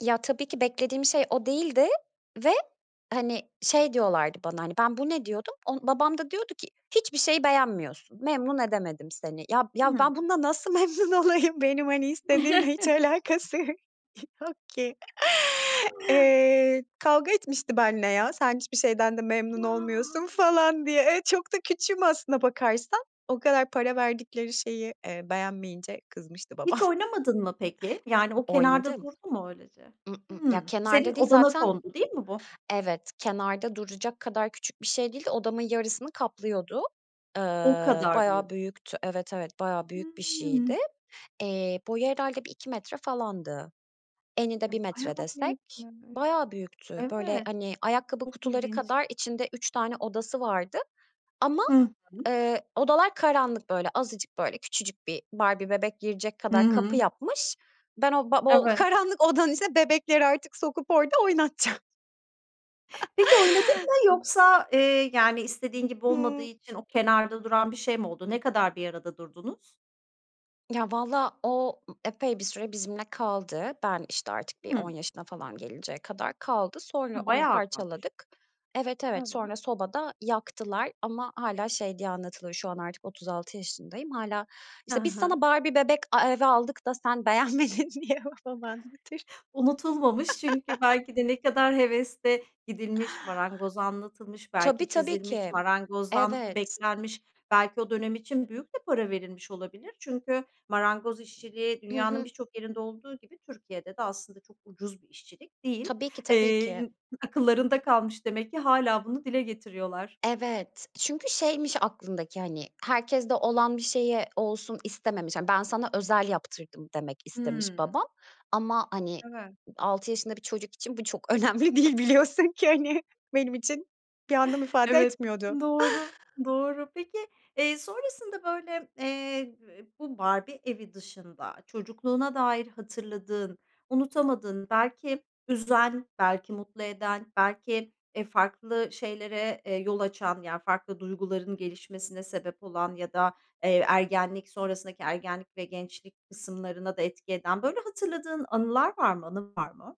Ya, tabii ki beklediğim şey o değildi ve, hani, şey diyorlardı bana: Hani, ben "Bu ne?" diyordum, o babam da diyordu ki "Hiçbir şeyi beğenmiyorsun, memnun edemedim seni." Ya ya, Hıı. ben bununla nasıl memnun olayım? Benim hani istediğimle hiç alakası y yok ki. Eee kavga etmişti benle ya. "Sen hiçbir şeyden de memnun olmuyorsun." A! falan diye. Eee, çok da küçüğüm aslına bakarsan. O kadar para verdikleri şeyi, eee, beğenmeyince kızmıştı Hiç babam. oynamadın mı, peki? Yani o kenarda Oynadım. durdu mu öylece? I ı ya Hıı. Senin kenarda değil odana zaten kondu değil mi bu? Evet, kenarda duracak kadar küçük bir şey değil de odamın yarısını kaplıyordu. O Iıı, kadar büyük. bayağı büyüktü. Evet, evet. Bayağı büyük bir Hımm. şeydi. Eee, boyu herhâlde 1-2 metre falandı. Eni de 1 Hı, metre bayağı desek büyükmüş. bayağı büyüktü. Böyle, Evet. hani, ayakkabı Çok kutuları ilginç. kadar içinde 3 tane odası vardı. Ama, Hı hı. eee, odalar karanlık, böyle, azıcık, böyle, küçücük bir Barbie bebek girecek Hı kadar kapı hı. yapmış. Ben o ba [unintelligible] Evet. karanlık odanın ise bebekleri artık sokup orada oynatacağım. Peki oynadın mı I yoksa, eee, yani, istediğin gibi olmadığı Hıı. için o kenarda duran bir şey mi oldu? Ne kadar bir arada durdunuz? Ya, vallahi o, ııı, epey bir süre bizimle kaldı. Ben, işte, artık bir 10 Hımm. yaşına falan gelinceye kadar kaldı. Sonra Hımm, onu bayağı azalmış. parçaladık. Evet, evet. Evet. Sonra sobada yaktılar ama hâlâ şey diye anlatılır: Şu an artık 36 yaşındayım, hâlâ, Hı işte, "Biz sana hı. Barbie bebek e evi aldık da sen beğenmedin." diye babam anlatır. Unutulmamış çünkü belki de ne kadar hevesle gidilmiş, marangoza anlatılmış, belki Tabii, tabii çizilmiş, ki. marangozdan Evet. beklenmiş. Belki o dönem için büyük de para verilmiş olabilir. Çünkü marangoz işçiliği Hı dünyanın hı. birçok yerinde olduğu gibi, Türkiye'de de aslında çok ucuz bir işçilik değil. Tabii ki, tabii ki. Eee, akıllarında kalmış demek ki. Hâlâ bunu dile getiriyorlar. Evet, çünkü şeymiş aklındaki, hani, herkeste olan bir şeyi olsun istememiş. Ben sana özel yaptırdım demek istemiş Hıı. babam ama, hani, Evet. 6 yaşında bir çocuk için bu çok önemli değil biliyorsun ki hani. Benim için bir anlam ifade Evet, etmiyordu. doğru, doğru. Peki, eee, sonrasında, böyle, eee, b bu Barbie evi dışında çocukluğuna dair hatırladığın, unutamadığın, belki üzen belki mutlu eden belki, eee, farklı şeylere, eee, yol açan, yani farklı duyguların gelişmesine sebep olan ya da, eee, ergenlik sonrasındaki ergenlik ve gençlik kısımlarına da etki eden böyle hatırladığın anılar var mı? Anın var mı?